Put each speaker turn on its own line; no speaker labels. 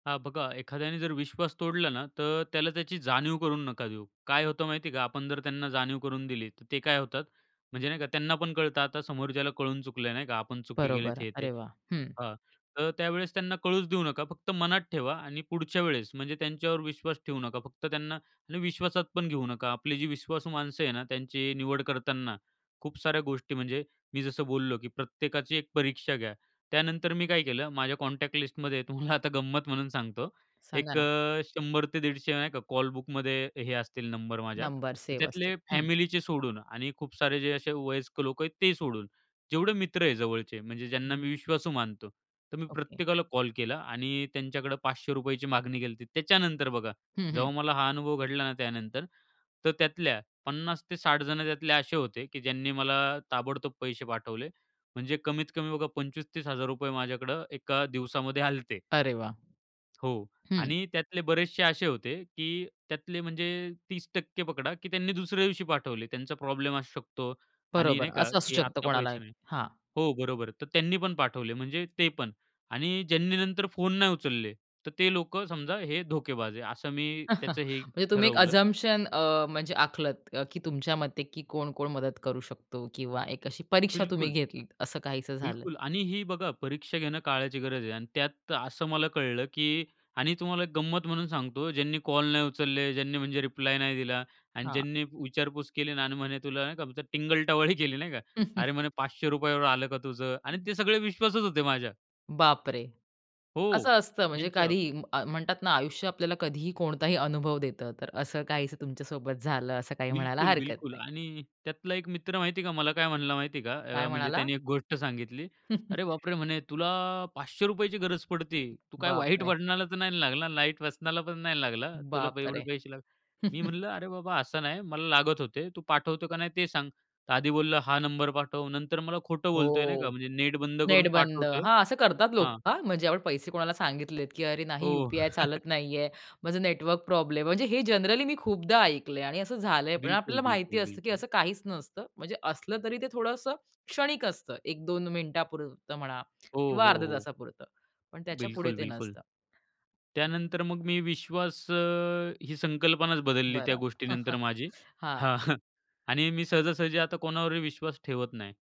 हां, बघा एखाद्याने जर विश्वास तोडला ना तर त्याला त्याची जाणीव करून नका देऊ. काय होतं माहिती आहे का आपण जर त्यांना जाणीव करून दिली तर ते काय होतात, म्हणजे नाही का त्यांना पण कळतं आता समोर ज्याला कळून चुकलंय नाही का आपण चुकी केली
बरोबर.
हे-ते.
अरे वाह! हं.
हां, तर त्यावेळेस त्यांना कळच देऊ नका, फक्त मनात ठेवा आणि पुढच्या वेळेस म्हणजे त्यांच्यावर विश्वास ठेवू नका फक्त त्यांना आणि विश्वासात पण घेऊ नका. आपली जी विश्वासू माणसं आहेत ना त्यांची निवड करतांना, खूप साऱ्या गोष्टी म्हणजे मी जसं बोललो की प्रत्येकाची एक परीक्षा घ्या. त्यानंतर मी काय केलं माझ्या कॉन्टॅक्ट लिस्टमध्ये तुम्हाला आता गंमत म्हणून सांगतो.
सांगा
एक
ना?
अ, 100 ते 150 नाही का कॉल बुकमध्ये हे असतील नंबर माझ्या.
नंबर सेव असते.
त्यातले
हं.
फॅमिलीचे सोडून आणि खूप सारे जे असे वयस्कर लोक आहेत ते सोडून, जेवढे मित्र आहे जवळचे म्हणजे ज्यांना मी
[unintelligible]
विश्वासू मानतो. तर मी
ओके.
प्रत्येकाला कॉल केला आणि त्यांच्याकडे ₹500ची मागणी केली. त्याच्यानंतर बघा,
हं, हं.
जेव्हा मला हा अनुभव घडला ना, त्यानंतर तर त्यातल्या 50 ते 60 जण त्यातले असे होते की ज्यांनी मला ताबडतोब पैसे पाठवले, म्हणजे कमीत कमी बघा ₹25000- ₹30000 माझ्याकडं एका दिवसामध्ये आले होते.
अरे वाह!
हो.
हं.
आणि त्यातले बरेचशे असे होते की त्यातले म्हणजे 30% पकडा की त्यांनी दुसऱ्या दिवशी पाठवले. त्यांचा प्रॉब्लेम असू शकतो आणि
बरोबर,
नाही का
असं असू
की
शकतं
आता
कोणाला.
पैसे नाही
हां.
हो, बरोबर आहे तर त्यांनी पण पाठवले म्हणजे ते पण आणि ज्यांनी नंतर फोन नाही उचलले तर ते लोकं समजा हे धोकेबाज आहे, असं मी त्याचं हे
म्हणजे तुम्ही एक
ठरवलं.
अझम्प्शन अ, म्हणजे आखलत अ, की तुमच्या मते की कोण-कोण मदत करू शकतो किंवा एक अशी परीक्षा तुम्ही
बिलकुल.
घेतली असं काहीसं झालं?
बिलकुल आणि ही बघा परीक्षा घेणं काळाची गरज आहे. अन् त्यात असं मला कळलं, की आणि तुम्हाला एक गंमत म्हणून सांगतो ज्यांनी कॉल नाही उचलले, ज्यांनी म्हणजे रिप्लाय नाही दिला अन्
हां.
ज्यांनी विचारपूस केली आणि म्हणे तुला का टिंगल टवाळी केली नाही का? "अरे, म्हणे ₹500 आलं का तुझं?" आणि
हं.
ते सगळे विश्वासात होते माझ्या.
बापरे!
हो,
असं असतं म्हणजे
त्यांच्यावर.
कधीही म्हणतात ना आयुष्य आपल्याला कधीही कोणताही अनुभव देतं, तर असं काही तुमच्यासोबत झालं असं काही म्हणायला
बिलकुल,
हरकत
बिलकुल
नाही.
आणि त्यातला एक मित्र माहिती आहे का मला काय म्हणला माहिती आहे का?
काय
अ, म्हणजे
म्हणाला?
त्यांनी एक गोष्ट सांगितली. "अरे बापरे!" म्हणे "तुला ₹500ची गरज पडते. तू काय वाईट
बापरे!
वळणाला तर नाही लागला? वाईट व्यसनाला पण नाही लागला ना? तुला एवढे
बापरे!
पैसे लागले." मी म्हणलं "अरे बाबा असं नाही मला लागत होते. तू पाठवतो का नाही ते सांग." आधी बोललं "हां, नंबर पाठव." नंतर मला खोटं बोलतोय नाही का
हो,
म्हणजे नेट बंद
नेट
करून
बंद.
पाठवतोय.
हां, असं करतात लोक
हां.
हां, म्हणजे आपण पैसे कोणाला सांगितलेत, की अरे नाही
हो.
यूपीआय चालत नाहीये, माझं नेटवर्क प्रॉब्लेम, म्हणजे हे जनरली मी खूपदा ऐकलंय आणि असं झालंय पण.
बिलकुल,
आपल्याला माहिती
बिलकुल,
असतं, की
बिलकुल.
असं काहीच नसतं, म्हणजे असलं तरी ते थोडंसं क्षणिक असतं 1-2 मिनिटापुरतं म्हणा
हो,
किंवा
हो,
अर्ध्या
हो.
तासापुरतं पण त्याच्यापुढे
बिलकुल,
ते
बिलकुल.
नसतं.
त्यानंतर मग मी विश्वास अ, ही संकल्पनाच बदलली त्या
बरं.
गोष्टीनंतर माझी.
हां.
हां, आणि मी सहजासहजी आता कोणावरही विश्वास ठेवत नाही.